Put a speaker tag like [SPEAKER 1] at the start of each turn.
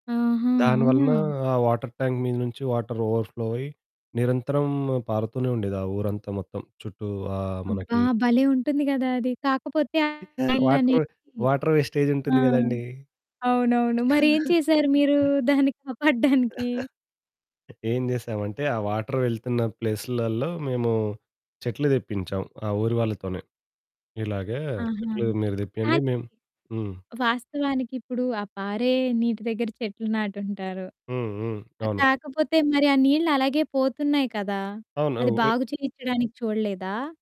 [SPEAKER 1] ఆహా!
[SPEAKER 2] దాని
[SPEAKER 1] అవునా!
[SPEAKER 2] వలన ఆ వాటర్ ట్యాంక్ మీద నుంచి వాటర్ ఓవర్ ఫ్లో అయ్యి నిరంతరం పారుతూనే ఉండేది. ఆ ఊరంతా మొత్తం చుట్టూ ఆహ్,
[SPEAKER 1] అబ్బా!
[SPEAKER 2] మనకి
[SPEAKER 1] భలే ఉంటుంది గదా అది. కాకపోతే
[SPEAKER 2] ఇవ్ వాటర్,
[SPEAKER 1] ఆళ్ళనేది
[SPEAKER 2] వాటర్ వేస్టేజ్
[SPEAKER 1] ఆ!
[SPEAKER 2] ఉంటుంది గదండీ!
[SPEAKER 1] అవునవును. మరి ఏం చేశారు మీరు దాన్ని కాపాడ్డానికి?
[SPEAKER 2] ఏం చేశామంటే, ఆ వాటర్ వెళ్తున్న ప్లేసులలో మేము చెట్లు దెప్పించాం, ఆ ఊరి వాళ్ళతోనే. ఇలాగే
[SPEAKER 1] ఆహా!
[SPEAKER 2] చెట్లు మీరు దెప్పియండి
[SPEAKER 1] కానీ
[SPEAKER 2] మేం హ్మ్.
[SPEAKER 1] వాస్తవానికిప్పుడు ఆ పారే నీటి దగ్గర చెట్లు నాటు ఉంటారు.
[SPEAKER 2] హ్మ్, హ్మ్.
[SPEAKER 1] ఆహ్,
[SPEAKER 2] అవును.
[SPEAKER 1] కాకపోతే మరి ఆ నీళ్ళు అలాగే పోతున్నాయి కదా!
[SPEAKER 2] అవును.
[SPEAKER 1] అది
[SPEAKER 2] వె
[SPEAKER 1] బాగు చేయిచ్చడానికి చూడలేదా?